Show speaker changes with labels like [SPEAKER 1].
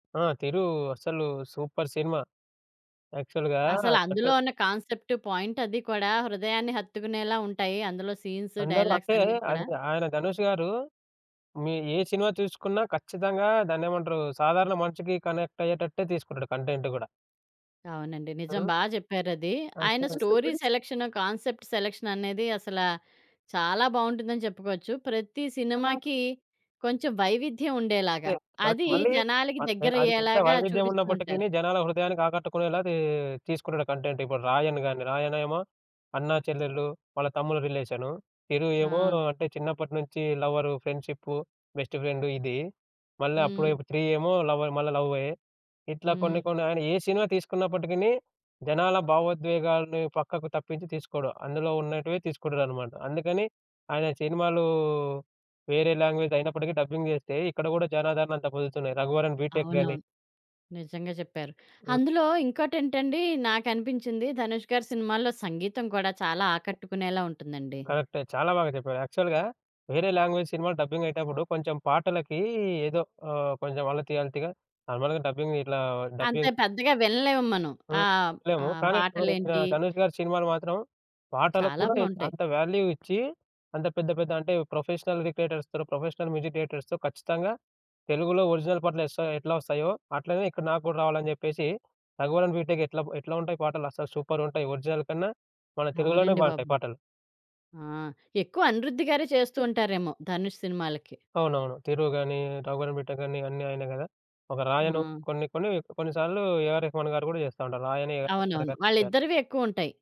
[SPEAKER 1] ఆ! 'తిరు' అస్సలు super cinema. యాక్చువల్‌గా
[SPEAKER 2] అసలు
[SPEAKER 1] అంతే
[SPEAKER 2] అందులో ఉన్న
[SPEAKER 1] ఇప్పుడు
[SPEAKER 2] కాన్సెప్ట్, పాయింట్ అది కూడా హృదయాన్ని హత్తుకునేలా ఉంటాయి. అందులో సీన్సు,
[SPEAKER 1] అందరూ అంటే,
[SPEAKER 2] డైలాగ్సన్నీ కూడా.
[SPEAKER 1] అది ఆయన ధనుష్ గారు మీ ఏ సినిమా చూసుకున్నా, ఖచ్చితంగా దాన్నేమంటారు? సాధారణ మనిషికి కనెక్ట్ అయ్యేటట్టే తీసుకుంటాడు కంటెంట్ కూడా.
[SPEAKER 2] అవునండి. నిజం
[SPEAKER 1] ఆ!
[SPEAKER 2] బాగా చెప్పారది. ఆయన
[SPEAKER 1] అంటే
[SPEAKER 2] స్టోరీ సెలక్షన్, కాన్సెప్ట్ సెలక్షన్ అనేది అసలా చాలా బాగుంటుందని చెప్పుకోవచ్చు. ప్రతి సినిమాకి కొంచెం వైవిధ్యం ఉండేలాగా,
[SPEAKER 1] అంటే, మనకు
[SPEAKER 2] అది
[SPEAKER 1] మళ్ళీ
[SPEAKER 2] జనాలకి
[SPEAKER 1] అది ఎంత
[SPEAKER 2] దగ్గరయ్యేలాగా
[SPEAKER 1] వైవిధ్యం
[SPEAKER 2] చూపిస్తూ ఉంటారు.
[SPEAKER 1] ఉన్నప్పటికీని జనాల హృదయానికి ఆకట్టుకునేలాదీ తీసుకుంటాడు కంటెంట్. ఇప్పుడు 'రాయన్' గాని, 'రాయన్' ఏమో అన్నా, చెల్లెలు, వాళ్ళ తమ్ముడు రిలేషను. 'తిరు' ఏమో,
[SPEAKER 2] ఆ!
[SPEAKER 1] అంటే చిన్నప్పటి నుంచి లవరు, ఫ్రెండ్‌షిప్పు, బెస్టు ఫ్రెండు ఇది. మళ్ళా అప్పుడే
[SPEAKER 2] హ్మ్.
[SPEAKER 1] 'త్రీ' ఏమో, లవర మ మళ్ళ లవ్వే. ఇట్లా కొన్ని
[SPEAKER 2] హ్మ్.
[SPEAKER 1] కొన్ని ఆయన ఏ సినిమా తీసుకున్నప్పటికిని, జనాల భావోద్వేగాల్ని పక్కకు తప్పించి తీసుకోడు. అందులో ఉన్నటివే తీసుకుంటాడన్నమాట. అందుకని ఆయన సినిమాలు వేరే లాంగ్వేజ్ అయినప్పటికీ డబ్బింగ్ చేస్తే, ఇక్కడ కూడా జనాదరణ అంతా పొందుతున్నాయి. 'రఘువరన్ బీటెక్' గాని.
[SPEAKER 2] అవునవును. నిజంగా చెప్పారు.
[SPEAKER 1] హ్మ్.
[SPEAKER 2] అందులో ఇంకోటేంటండి నాకనిపించింది ధనుష్ గారి సినిమాల్లో సంగీతం కూడా చాలా ఆకట్టుకునేలా ఉంటుందండి.
[SPEAKER 1] కరెక్టే. చాలా బాగా చెప్పారు. యాక్చువల్‌గా వేరే లాంగ్వేజ్ సినిమాలు డబ్బింగ్ అయ్యేటప్పుడు కొంచెం పాటలకి ఏదో ఆహ్, కొంచెం అలతి అలతిగా నార్మల్‌గా డబ్బింగ్ ఇట్లా
[SPEAKER 2] అంత
[SPEAKER 1] డబ్బింగ్
[SPEAKER 2] పెద్దగా వినలేము మనం.
[SPEAKER 1] హ్మ్.
[SPEAKER 2] ఆహ్, ఆ
[SPEAKER 1] చెప్పలేము కానీ
[SPEAKER 2] పాటలేంటి
[SPEAKER 1] ధనుష్ గారి సినిమాలు మాత్రం, పాటలకు
[SPEAKER 2] చాలా
[SPEAKER 1] కూడా
[SPEAKER 2] బాగుంటాయి.
[SPEAKER 1] అంత వాల్యూ ఇచ్చి, అంత పెద్ద పెద్ద అంటే ప్రొఫెషనల్ రిక్రియేటర్స్‌తో, ప్రొఫెషనల్ మ్యూజిక్ డైరెక్టర్స్‌తో ఖచ్చితంగా తెలుగులో ఒరిజినల్ పాటలు ఎస్త ఎట్లా వస్తాయో, అట్లనే ఇక్కడ నాకు గూడా రావాలని చెప్పేసి 'రఘువరన్ బీటెక్' ఎట్లా ఎట్లా ఉంటాయి పాటలు, అస్సలు సూపర్ ఉంటాయి. ఒరిజినల్ కన్నా, మన తెలుగులోనే
[SPEAKER 2] అవునండి బాబు.
[SPEAKER 1] బాగుంటాయి పాటలు.
[SPEAKER 2] ఆ! ఎక్కువ అనిరుద్ధి గారే చేస్తూ ఉంటారేమో, ధనుష్ సినిమాలకి?
[SPEAKER 1] అవునవును. 'తిరు' గాని, 'రఘువరన్ బీటెక్' గాని అన్నీ ఆయనే గదా! ఒక 'రాయను'
[SPEAKER 2] ఆ!
[SPEAKER 1] కొన్ని కొన్ని కొన్నిసార్లు ఏఆర్ రెహమాన్ గారు కూడా చేస్తా ఉంటారు. 'రాయనే' గాని, ఏ ఆర్
[SPEAKER 2] అవునవును.
[SPEAKER 1] రెహమాన్ గారు
[SPEAKER 2] వాళ్ళిద్దరివే ఎక్కువుంటాయి.